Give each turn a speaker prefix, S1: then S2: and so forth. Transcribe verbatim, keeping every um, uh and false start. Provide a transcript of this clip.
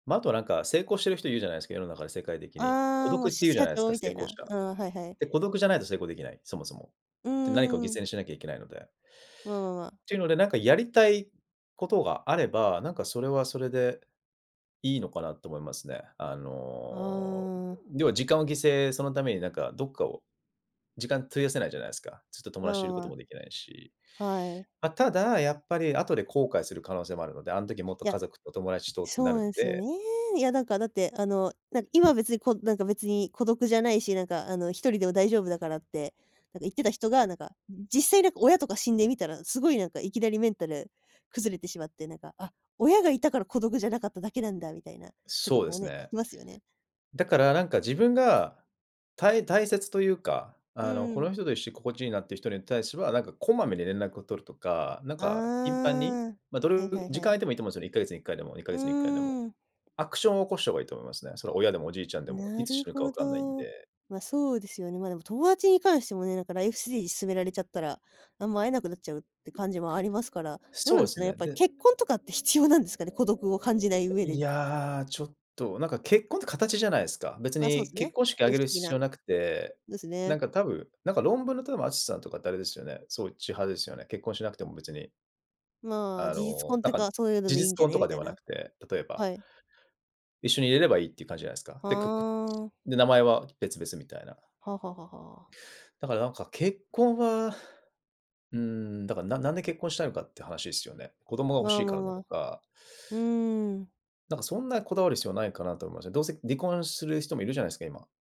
S1: ま、あとはなんか、成功してる人いるじゃないですか、世の中で世界的に。孤
S2: ああ、も
S1: 独っ
S2: う
S1: て言うじゃ
S2: 社
S1: ないです
S2: 長
S1: か、
S2: み
S1: 成
S2: たい
S1: 功者。
S2: な。ああ、はいはい。
S1: で、孤独じゃないと成功できない、そもそも。
S2: う
S1: で何かを犠
S2: ーん。
S1: 牲にしなきゃいけないので。
S2: わ、ままあ。
S1: ていうので、なんかやりたいことがあれば、なんかそれはそれで、いいのかなと思いますね。あの、
S2: ああ。
S1: 要は時間を犠牲そのためになんか、どっかを時間費やせないじゃないすか。ずっと友
S2: わ
S1: 達とい
S2: わ
S1: ること
S2: わ。
S1: もできないし。
S2: はい。
S1: ま、ただ、やっぱり後で後悔する可能性もあるので、あの時もっと
S2: いや。
S1: 家族と友達とってな
S2: そう
S1: る
S2: な
S1: ん
S2: んすよね。
S1: で。
S2: いや何かだってあの、今別にこうなんか別に孤独じゃないし、何かあの、ひとりでも大丈夫だからって、なんか言ってた人がなんか、実際なんか親とか死んでみたら凄い何かいきなりメンタル崩れてしまって、何か、あ、親がいたから孤独じゃなかっただけなんだみたいな人と
S1: そう
S2: か
S1: で
S2: も
S1: す
S2: ね、聞
S1: ね
S2: きますよね。
S1: だから、だからなんか自分が、たい大切というか、
S2: う
S1: あの、
S2: ん
S1: こ
S2: うん。
S1: の人と一緒心地いいなって人に対しては、なんかこまめに連絡を取るとか、なん
S2: あ
S1: か頻繁に、
S2: あ。
S1: ま、ど
S2: は
S1: れ
S2: いは い
S1: 時間
S2: は
S1: 空
S2: い。
S1: いてもいいと思うんですよね、いっかげつにいっかいでも、にか
S2: う
S1: げつにいっかいでも。
S2: ん。
S1: アクションを起こした方がいいと思いますね。それは親でもおじいちゃんでも、
S2: な
S1: いつ
S2: る
S1: 死ぬかわ
S2: ほ
S1: かんないん
S2: ど。
S1: で。
S2: ま、そうですよね。ま、でも友達に関してもね、なんかライフステージ進められちゃったら、あんま会えなくなっちゃうって感じもありますから。どう
S1: そう
S2: なん
S1: で
S2: ですか
S1: す
S2: ね、やっ
S1: ね、
S2: ぱり
S1: で
S2: 結婚とかって必要なんですかね、孤独を感じない上
S1: い
S2: で。
S1: や、ちょっと、なんか結婚って形じゃないですか。別
S2: ま、そう
S1: に
S2: す
S1: 結
S2: ね。
S1: 婚式挙
S2: 形
S1: げ
S2: 式
S1: る
S2: 的
S1: 必
S2: な。
S1: 要なくて、
S2: です
S1: な
S2: ね。
S1: んか多分、なんかロンブーの淳さんとかってあれですよね、そっち派ですよね。結婚しなくても別に。
S2: まあ、
S1: あ
S2: 事実
S1: の、
S2: 婚っ
S1: な
S2: て
S1: ん
S2: いう
S1: か、
S2: か、そういうの
S1: 事
S2: でいい
S1: 実
S2: んじゃ
S1: 婚と
S2: ね
S1: か
S2: み
S1: で
S2: たい
S1: はな
S2: な。
S1: くて、例えば。
S2: はい。
S1: 一緒に入れればいいっていう感じじゃないですか。
S2: あ
S1: で、
S2: あ。
S1: で、名前は別々みたいな。
S2: はははは。
S1: だからなんか結婚は、うーん、だからななんで結婚したいのかって話ですよね。子供が欲
S2: ま
S1: し
S2: あ
S1: い
S2: ま
S1: か
S2: あ
S1: らだ
S2: ま
S1: と
S2: あ。
S1: か。
S2: うーん。
S1: なんかそんなこだわる必要ないかなと思いましたね。どうせ離婚する人もいるじゃないですか、今。